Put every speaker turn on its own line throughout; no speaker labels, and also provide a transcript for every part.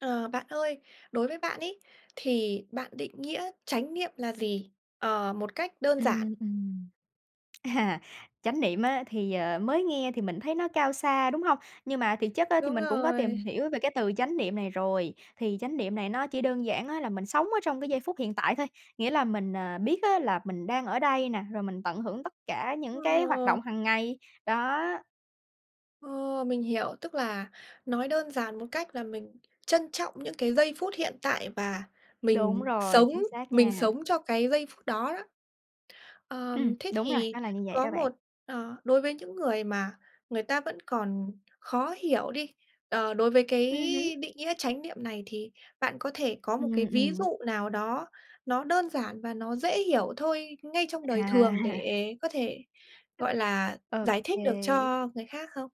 Ờ, bạn ơi, đối với bạn ấy, thì bạn định nghĩa chánh niệm là gì? Ờ, một cách đơn giản.
Ừm, ừm. Chánh niệm á, thì, ờ, mới nghe thì mình thấy nó cao xa, đúng hông? Nhưng mà thiệt chất á, thì
Đúng
mình cũng có tìm
rồi.
hiểu về cái từ chánh niệm này rồi. Thì chánh niệm này nó chỉ đơn giản á là mình sống ở trong cái giây phút hiện tại thôi, nghĩa là mình, ờ, biết á là mình đang ở đây nè, rồi mình tận hưởng tất cả những cái hoạt
Ồ.
động hằng ngày. Đó.
Ồ, mình hiểu. Tức là nói đơn giản một cách là mình trân trọng những cái giây phút hiện tại và
Đúng
mình
rồi.
sống
Chính xác
mình
nha.
sống cho cái giây phút đó đó. Ờ,
Ừm,
thế
đúng rồi,
thì
nó là như vậy
có
đó bạn.
một ờ, đối với những người mà người ta vẫn còn khó hiểu đi, ờ, đối với cái
Ừm hứm.
định nghĩa chánh niệm này thì bạn có thể có một cái
Ừm,
ví
ừm.
dụ nào đó nó đơn giản và nó dễ hiểu thôi ngay trong đời
À.
thường, để có thể, gọi là, giải thích được
OK.
cho người khác không?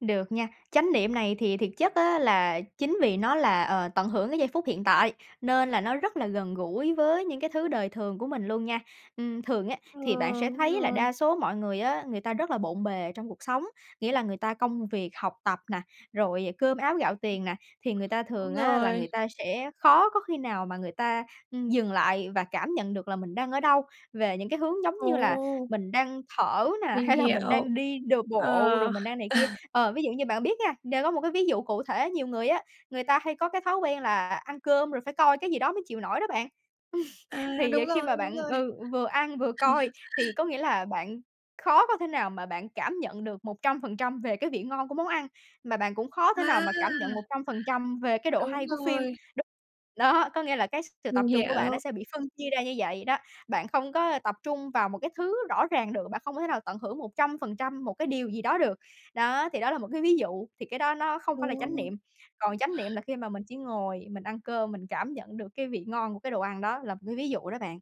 Được nha. Chánh niệm này thì thiệt chất á là chính vì nó là, ờ, tận hưởng cái giây phút hiện tại, nên là nó rất là gần gũi với những cái thứ đời thường của mình luôn nha. Ừm, thường á
Ừ,
thì bạn sẽ
đúng
thấy là
rồi.
đa số mọi người á, người ta rất là bộn bề trong cuộc sống, nghĩa là người ta công việc, học tập nà, rồi cơm áo gạo tiền nè, thì người ta
Đúng
thường á là người
rồi.
ta sẽ khó có khi nào mà người ta, ừm, dừng lại và cảm nhận được là mình đang ở đâu, về những cái hướng giống như là
Ồ!
mình đang thở nè,
Mình
hay là mình
hiểu.
đang đi đ bộ rồi
Ờ.
mình đang này kia. Ờ, ví dụ như bạn biết nha, nên có một cái ví dụ cụ thể, nhiều người á, người ta hay có cái thói quen là ăn cơm rồi phải coi cái gì đó mới chịu nổi đó bạn.
À, đúng
Thì khi
rồi,
mà
đúng
bạn
rồi.
ừ, vừa ăn, vừa coi, thì có nghĩa là bạn khó có thể nào mà bạn cảm nhận được 100% về cái vị ngon của món ăn, mà bạn cũng khó thể nào
À!
mà cảm nhận 100% về cái độ
Đúng
hay của phim.
rồi.
Đ đó, có nghĩa là cái s sự tập
Mình
trung của bạn nó
hiểu.
sẽ bị phân chia ra như vậy đó. Bạn không có, ơ, tập trung vào một cái thứ rõ ràng được, bạn không có thể nào tận hưởng 100% một cái điều gì đó được. Đó, thì đó là một cái ví dụ. Thì cái đó nó không phải là chánh
Ồ.
niệm. Còn chánh niệm là khi mà mình chỉ ngồi mình ăn cơm, mình cảm nhận được cái vị ngon của cái đồ ăn, đó là một cái ví dụ đó bạn.